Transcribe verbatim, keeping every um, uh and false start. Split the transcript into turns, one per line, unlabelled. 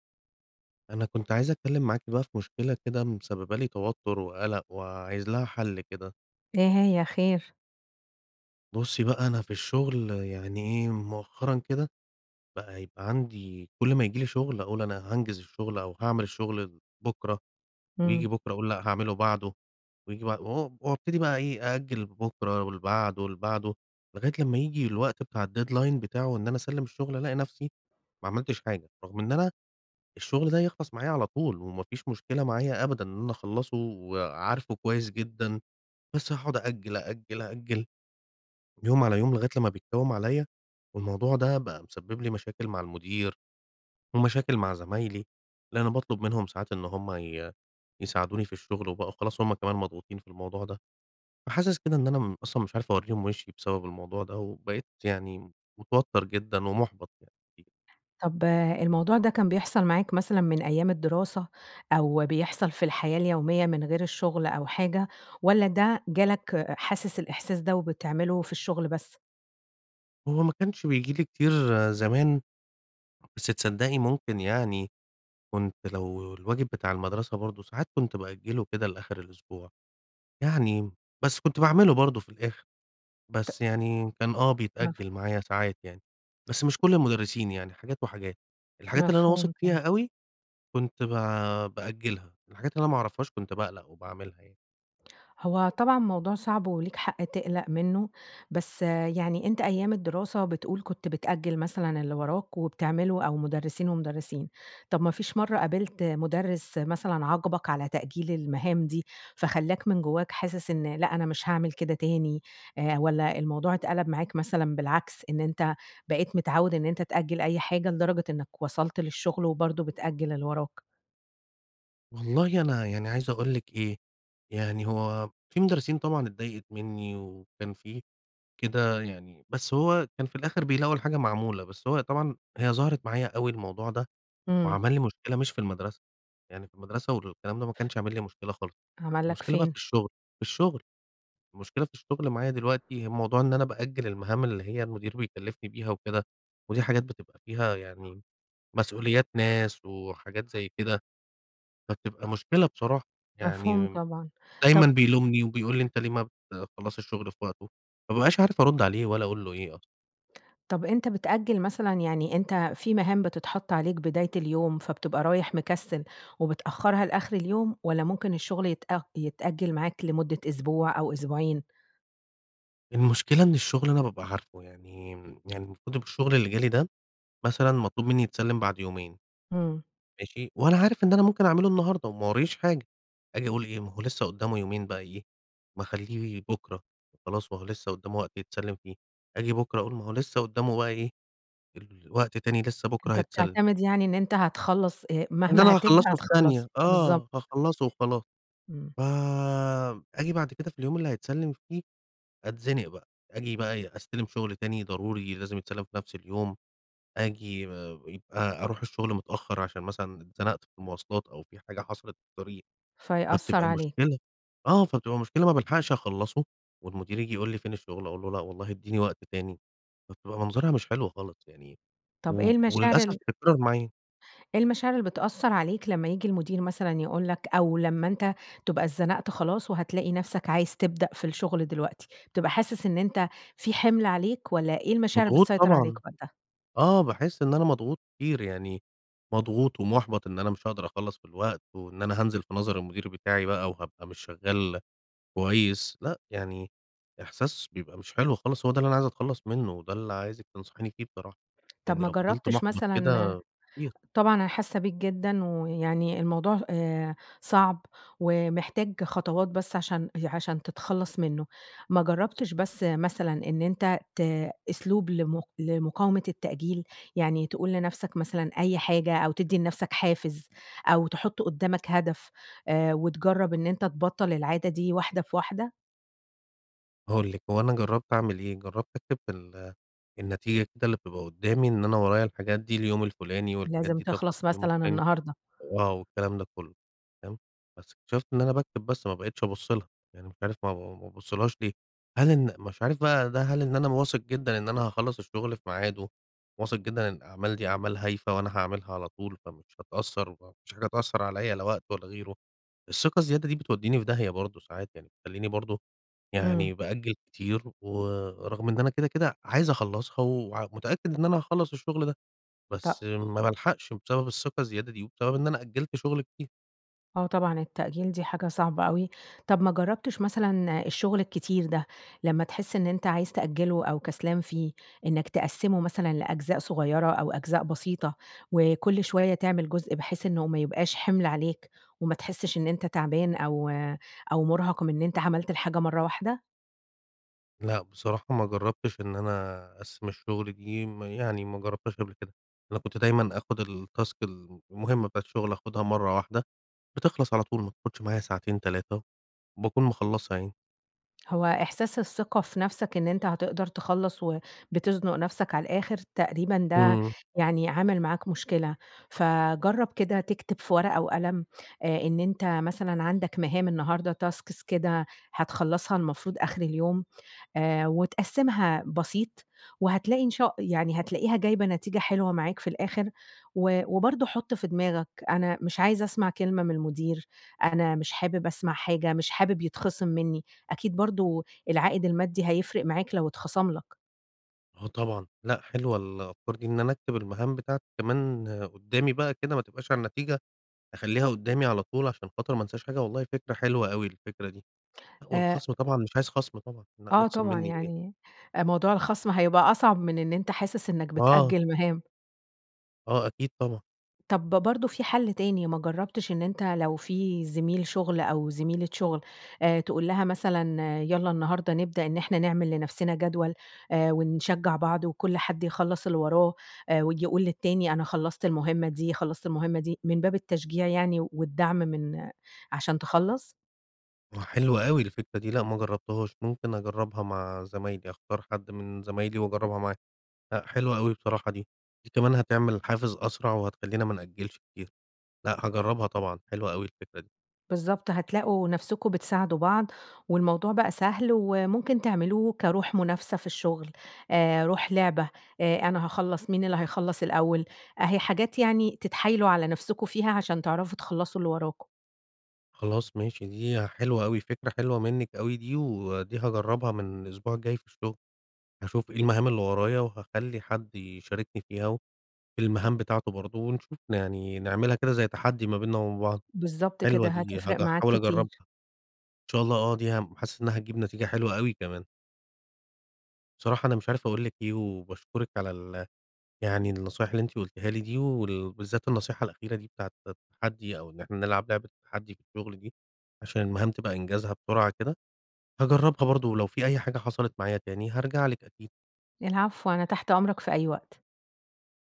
أنا كنت عايز أتكلّم معاكِ بقى في مشكلة كده مسبّبة لي توتُّر وقلَق وعايز لها حل كده.
إيه هى؟ خير؟
بُصّي بقى، أنا في الشغل يعني إيه، مؤخرًا كده بقى يبقى عندي كلّ ما ييجي لي شغل أقول أنا هانجز الشغل أو هاعمل الشغل بُكرة. وييجي
إمم.
بُكرة أقول لأ هاعمله بعده، وييجي بع و وابتدي بقى إيه، آجَل لبُكرة ولبعده ولبعده، لغاية لما ييجي الوقت بتاع الdeadline بتاعه وإن أنا أسلّم الشغل ألاقي نفسي ما عملتش حاجة. رغم إن أنا الشغل ده يخلَص معايا على طول وما فيش مشكلة معايا أبدًا إن أنا أخلّصه وعارفه كويس جدًا. بس هاقعُد آجَل، آجَل، آجَل، يوم على يوم، لغاية لما بيتكوّم عليَّ. والموضوع ده بقى مسبِّب لي مشاكل مع المدير ومشاكل مع زمايلي، لإن أنا باطلُب منهم ساعات إن هُم ي يساعدوني في الشغل، وبقوا خلاص هُم كمان مضغوطين في الموضوع ده. فحاسس كده إن أنا م أصلًا مش عارف أورّيهم وِشي بسبب الموضوع ده، وبقيت يعني متوتَّر جدًا ومُحبَط يعني. [unintelligible]
طَب الموضوع ده كان بيحصَل معاك مثلًا من أيام الدراسة، أو بيحصَل في الحياة اليومية من غير الشغل أو حاجة؟ والّا ده جَه لك حاسس الإحساس ده وبتعمله في الشغل بس؟
هو ما كانش بييجي لي كتير زمان، بس تصدّقي؟ ممكن يعني كنت لو الواجب بتاع المدرسة برضه ساعات كنت بأجله كده لآخِر الأسبوع، يعني، بس كنت باعمله برضه في الآخِر.
ت
بس يعني كان آه
مفه
بيتأجل معايا ساعات يعني. بس مش كلّ المُدرّسين يعني، حاجات وحاجات. الحاجات اللي أنا واثق
مفهوم
فيها
ط
أوي كنت ب بأجلها، والحاجات اللي أنا ما أعرفهاش كنت باقلَق وباعملها يعني.
هو طبعًا موضوع صعب وليك حق تقلَق منُّه، بس يعني أنت أيام الدراسة بتقول كنت بتأجِّل مثلًا اللي وراك وبتعمله أو مُدرِّسين ومُدرِّسين. طَب ما فيش مرَّة قابلت مُدرِّس مثلًا عاقبك على تأجيل المهام دي، فخلّاك من جواك حاسس إن لأ، أنا مش هاعمل كده تاني؟ آآ والّا الموضوع اتقلَب معاك مثلًا بالعكس، إن أنت بقيت متعوّد إن أنت تأجّل أي حاجة، لدرجة إنك وصَلت للشغل وبرضه بتأجِّل اللي وراك؟
والله أنا يعني عايز أقول لِك إيه، يعني هو في مدرسين طبعًا اتضايقِت منِّي وكان في كده يعني، بس هو كان في الآخِر بيلاقوا الحاجة معمولة. بس هو طبعًا، هي ظهرِت معايا أوي الموضوع ده
إمم.
وعمل لي مشكلة مش في المدرسة، يعني في المدرسة والكلام ده ما كانش عامل لي مشكلة خالص.
عمل لك
المشكلة بقى في
فين؟
الشغل في الشغل، المشكلة في الشغل معايا دلوقتي، الموضوع إن أنا بأجَل المهام اللي هي المدير بيكلّفني بيها وكده، ودي حاجات بتبقى فيها يعني مسؤوليات ناس وحاجات زي كده. فبتبقى مشكلة بصراحة
مفهوم
يعني،
طبعًا.
دايمًا
طب
بيلومني وبيقول لي أنت ليه ما بتخلّصش الشغل في وقته. ما بابقاش عارف أرُد عليه والّا أقول له إيه أصلًا.
طَب، أنت بتأجِّل مثلًا، يعني أنت في مهام بتتحَط عليك بداية اليوم فبتبقى رايح مكسّل وبتأخّرها لآخِر اليوم؟ والّا ممكن الشغل يتأ يتأجِّل معاك لمدة أسبوع أو أسبوعين؟
المشكلة إن الشغل أنا بابقى عارفه يعني، يعني المفروض إن الشغل اللي جه لي ده مثلًا مطلوب مني يتسلّم بَعد يومين.
إمم.
ماشي، وأنا عارف إن أنا ممكن أعمله النهاردة، وما وراييش حاجة، أجي أقول إيه، ما هو لسه قُدّامه يومين بقي إيه، ما أخلّيه بُكرة وخلاص، وهو لسه قُدّامه وقت يتسلّم فيه. آجي بُكرة أقول ما هو لسه قُدّامه بقي إيه، الوقت تاني لسه بُكرة
أنت
هيتسلّم.
بتعتمد يعني إن أنت هتخلّص آآ،
إن
مهما
أنا
هتبدأ
هاخلّصه في
هتخلّصه.
ثانية،
بالضبط.
آه، هاخلّصه وخلاص.
إمم.
ف آجي بَعد كده في اليوم اللي هيتسلّم فيه أتزنق بقى. آجي بقى إيه، أستلَم شُغل تاني ضروري لازم يتسلّم في نفس اليوم. آجي ب يبقي أرُوح الشغل متأخّر عشان مثلًا اتزنَقت في المواصلات أو في حاجة حصَلِت في الطريق،
فيأثّر
فبتبقي
عليك.
مشكلة، آه فبتبقى مشكلة، ما بالحقش أخلّصه والمدير ييجي يقول لي فين الشغل، أقول له لا والله ادّيني وقت تاني، فبتبقى منظَرها مش حلو خالص يعني،
طَب
و
إيه المشاعر
وللأسف
ال
بتتكرّر معايا.
إيه المشاعر اللي بتأثّر عليك لما ييجي المدير مثلًا يقول لك أو لما أنت تبقى اتزنَقت خلاص وهتلاقي نَفسك عايز تبدأ في الشغل دلوقتي؟ بتبقى حاسس إن أنت في حِمل عليك؟ والّا إيه المشاعر اللي
مضغوط
بتسيطر عليك
طبعًا،
وقتها؟
آه باحس إن أنا مضغوط كتير يعني، مضغوط ومُحبَط إن أنا مش هاقدَر أخلّص في الوقت، وإن أنا هانزِل في نظَر المدير بتاعي بقى وهابقى مش شغّال كويس. لأ، يعني إحساس بيبقى مش حلو خالص، هو ده اللي أنا عايز أتخلّص منُّه، وده اللي عايزِك تنصحيني فيه بصراحة.
طَب
لأني
ما
لو فضِلت
جرّبتش
مُحبَط
مثلًا
كده كتير
طبعًا أنا حاسّة بيك جدًا ويعني الموضوع آآ صعب ومحتاج خطوات بس عشان عشان تتخلّص منُّه. ما جرّبتش بس مثلًا إن أنت ت أسلوب لم لمقاومة التأجيل؟ يعني تقول لنفسك مثلًا أي حاجة، أو تدّي لنفسك حافز، أو تحُط قُدّامك هدف آآ وتجرّب إن أنت تبطّل العادة دي واحدة في واحدة؟
هأقول لِك، هو أنا جرّبت أعمل إيه، جرّبت أكتب في ال النتيجة كده اللي بتبقى قُدّامي إن أنا ورايا الحاجات دي اليوم الفُلاني والحاجات
لازم
دي تخلَص
تخلَص
اليوم
مثلًا
الفُلاني،
النهارده.
وآه والكلام ده كلّه، تمام، بس اكتشفت إن أنا باكتب بس ما بقيتش أبُص لها. يعني مش عارف ما ب ب ب بابُصّلهاش ليه. هل إن أنا مش عارف بقي ده هل إن أنا واثق جدًا إن أنا هاخلّص الشغل في ميعاده، واثق جدًا إن الأعمال دي أعمال هايفة وأنا هاعملها على طول، فمش هتأثّر وما فيش حاجة هتأثّر عليَّ لا وقت ولا غيره. الثقة الزيادة دي بتودّيني في داهية برضه ساعات يعني، بتخلّيني برضه
إمم.
يعني بأجَل كتير. ورغم إن أنا كده، كده عايز أخلّصها وع ومتأكد إن أنا هأخلّص الشغل ده،
ط
بس ما بالحقش بسبب الثقة الزيادة دي وبسبب إن أنا أجِلت شُغل كتير.
آه طبعًا التأجيل دي حاجة صعبة أوي. طَب ما جرّبتش مثلًا، الشغل الكتير ده لما تحس إن أنت عايز تأجّله أو كسلان فيه، إنك تقسّمه مثلًا لأجزاء صغيّرة أو أجزاء بسيطة، وكلّ شوية تعمل جزء، بحيث إنه ما يبقاش حِمل عليك وما تحسّش إن أنت تَعبان أو أو مُرهَق من إن أنت عملت الحاجة مرَّة واحدة؟
لأ بصراحة ما جرّبتش إن أنا أقسّم الشغل دي، م يعني ما جرّبتهاش قبْل كده. أنا كنت دايمًا آخُد التاسك المهمة بتاعة الشغل، آخُدها مرَّة واحدة، بتخلَص على طول، ما بتاخدش معايا ساعتين، تلاتة وباكون مخلّصها يعني.
هو إحساس الثقة في نَفسك إن أنت هتقدَر تخلّص وبتزنُق نَفسك على الآخِر تقريبًا ده
امم
يعني عامل معاك مشكلة. فجرّب كده تكتب في ورقة وقلم، آآ إن أنت مثلًا عَندك مهام النهارده tasks كده، هتخلّصها المفروض آخِر اليوم آآ، وتقسّمها بسيط، وهتلاقي إن شا يعني هتلاقيها جايبة نتيجة حلوة معاك في الآخِر. و وبرضه حُط في دماغك، أنا مش عايز أسمَع كلمة من المدير، أنا مش حابب أسمَع حاجة، مش حابب يتخصِم منّي، أكيد برضه العائد المادي هيفرِق معاك لو اتخصَم لك.
آه طبعًا. لأ حلوة الأفكار دي، إن أنا أكتب المهام بتاعتي كمان قُدّامي بقى كده، ما تبقاش على النتيجة، أخلّيها قُدّامي على طول عشان خاطر ما انساش حاجة. والله فكرة حلوة أوي الفكرة دي.
آآ
والخَصم طبعًا مش عايز خَصم طبعًا، لأ
آه
يخصِم
طبعًا،
منّي إيه.
يعني أ موضوع الخَصم هيبقى أصعب من إن أنت حاسس إنك
آه.
بتأجّل مهام.
آه، اكيد طبعًا.
طب برضو في حل تاني، ما جربتش إن أنت لو في زميل شغل أو زميلة شغل آآ تقول لها مثلًا يلّا النهارده نبدأ إن إحنا نعمل لنفسنا جدول، آآ ونشجع بعض وكل حد يخلص اللي وراه، وييجي يقول للتاني أنا خلصت المهمّة دي، خلصت المهمّة دي، من باب التشجيع يعني والدعم من عشان تخلص؟
آه حلوة أوي الفكرة دي. لا ما جربتهاش. ممكن أجربها مع زمايلي، أختار حد من زمايلي وأجربها معاه. لا حلوة أوي بصراحة دي. دي كمان هتعمل حافز أسرع وهتخلينا ما نأجلش كتير. لأ هاجرّبها طبعًا حلوة أوي الفكرة دي.
بالضبط. هتلاقوا نفسكم بتساعدوا بعض، والموضوع بقى سهل، وممكن تعملوه كروح منافسة في الشغل، آآ، روح لعبة، آآ أنا هاخلص، مين اللي هيخلص الأوّل؟ أهي حاجات يعني تتحايلوا على نفسكم فيها عشان تعرفوا تخلصوا اللي وراكم.
خلاص ماشي. دي حلوة أوي فكرة حلوة منِك أوي دي، ودي هاجرّبها من الأسبوع الجاي في الشغل. هاشوف إيه المهام اللي ورايا وهاخلّي حد يشاركني فيها، وفي المهام بتاعته برضو، ونشوف يعني نعملها كده زي تحدّي ما بيننا وبين بعض.
بالضبط
حلوة
كده
دي هج
هتفرق معاك
احاول أجربها.
كتير.
إن شاء الله آه دي حاسّس إنّها هتجيب نتيجة حلوة أوي كمان. بصراحة أنا مش عارف أقول لِك إيه، وباشكرِك على ال يعني النصائح اللي أنتِ قلتيها لي دي، وال بالذات النصيحة الأخيرة دي بتاعة التحدّي، أو إن إحنا نلعب لعبة التحدّي في الشغل دي، عشان المهام تبقى إنجازها بسرعة كده. هاجرّبها برضو، ولو في أي حاجة حصلت معايا تاني هارجع لِك أكيد.
العفو. أنا تحت أمرك في أي وقت.